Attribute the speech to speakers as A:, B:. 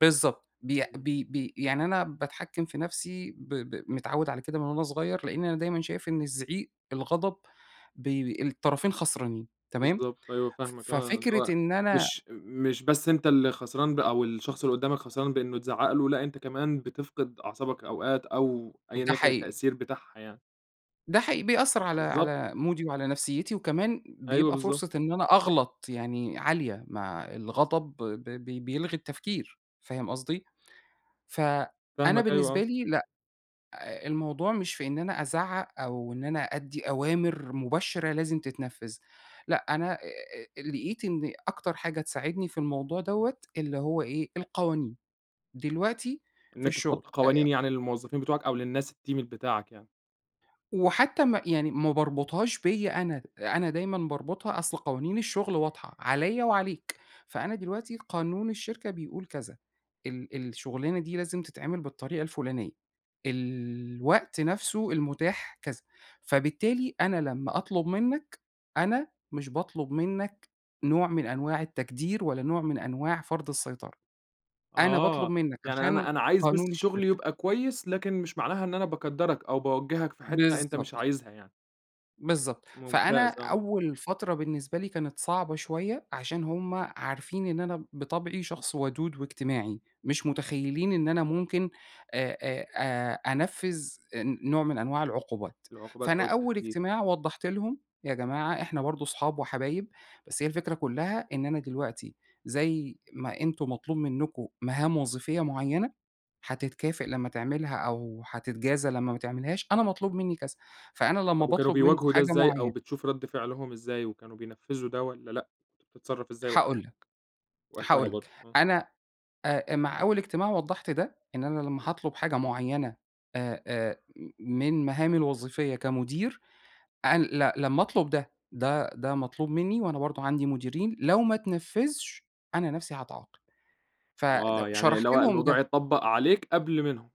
A: بالضبط، بيأ
B: إمم.
A: بي بي يعني أنا باتحكّم في نَفسي ب ب متعوّد على كده من وأنا صغيّر، لإني أنا دايمًا شايف إن الزعيق الغضب بيب الطرفين خسرانين، تمام؟
B: بالضبط أيوه فاهمك، آه اللي
A: ففكرة
B: هو
A: إن أنا
B: مش مش بس أنت اللي خسران بقى، أو الشخص اللي قدامك خسران بأنّه اتزعّق له، لأ أنت كمان بتفقد أعصابك أوقات أو أيًا
A: ده
B: يكن
A: حقيقي.
B: التأثير بتاعها يعني.
A: ده حي بيأثّر على
B: بالضبط.
A: على مودي وعلى نفسيّتي، وكمان
B: أيوه
A: بيبقى
B: بالضبط.
A: فرصة إن أنا أغلط يعني عالية مع الغضب، ب ب بيلغي التفكير، فاهم قصدي؟ فأنا
B: فاهمك أيوه
A: بالنسبة
B: آه.
A: لي لأ، آآ الموضوع مش في إن أنا أزعّق أو إن أنا أدّي أوامر مباشرة لازم تتنفذ، لأ أنا أ لقيت إن أكتر حاجة تساعدني في الموضوع دَوَّة اللي هو إيه القوانين، دلوقتي
B: إن
A: في
B: أنت
A: الشغل
B: تحط
A: أ
B: قوانين يعني للموظفين بتوعك أو للناس الteam ال بتاعك يعني.
A: وحتى ما يعني ما باربطهاش بيَّ أنا، أنا دايمًا باربطها أصل قوانين الشغل واضحة عليَّ وعليك، فأنا دلوقتي قانون الشركة بيقول كذا، ال الشُغلانة دي لازم تتعمل بالطريقة الفُلانية، الوقت نَفسه المتاح كذا، فبالتالي أنا لمّا أطلب منك أنا مش باطلب منك نوع من أنواع التكدير ولا نوع من أنواع فرض السيطرة. أنا باطلب
B: آه،
A: منك
B: يعني
A: عشان
B: أنا أنا عايز بس
A: قانون
B: شُغلي
A: الشركة.
B: يبقى كويس، لكن مش معناها إن أنا باكدّرك أو باوجّهك في حتة أنت مش
A: بالضبط.
B: عايزها يعني.
A: بالضبط، فأنا
B: ممتاز آه.
A: أول فترة بالنسبة لي كانت صعبة شوية عشان هُم عارفين إن أنا بطبعي شخص وَدود واجتماعي، مش مُتخيّلين إن أنا ممكن أ أ آآ، أنفّذ آآ، نوع من أنواع العقوبات،
B: العقوبات
A: فأنا
B: أو
A: أول
B: التهديد.
A: اجتماع وضّحت لهم يا جماعة إحنا برضو صحاب وحبايب، بس هي الفكرة كلّها إن أنا دلوقتي زي ما أنتم مطلوب منكم مهام وظيفية معيّنة هتتكافئ لمّا تعملها أو هتتجازى لمّا ما تعملهاش، أنا مطلوب مني كذا، فأنا لمّا
B: طب وكانوا
A: باطلب منكم
B: بيواجهوا ده
A: حاجة
B: إزاي أو
A: معيّنة
B: بتشوف رد فِعْلهم إزاي، وكانوا بينفذوا ده والّا لأ؟ كنت بتتصرف إزاي و
A: هاقول لك،
B: وقتها
A: هاقول لك،
B: برضو، آه.
A: أنا أ مع أول اجتماع وضّحت ده، إن أنا لمّا هاطلب حاجة معينة آآ آآ، من مهامي الوظيفية كمدير ال ل لمّا أطلب ده، ده ده مطلوب مني، وأنا برضو عندي مُديرين، لو ما اتنفّذش أنا نَفسي هاتعاقب، فد
B: آه، يعني
A: شرحت
B: اللي هو
A: لهم
B: الموضوع
A: ده
B: يتطبّق عليك قبل منهم.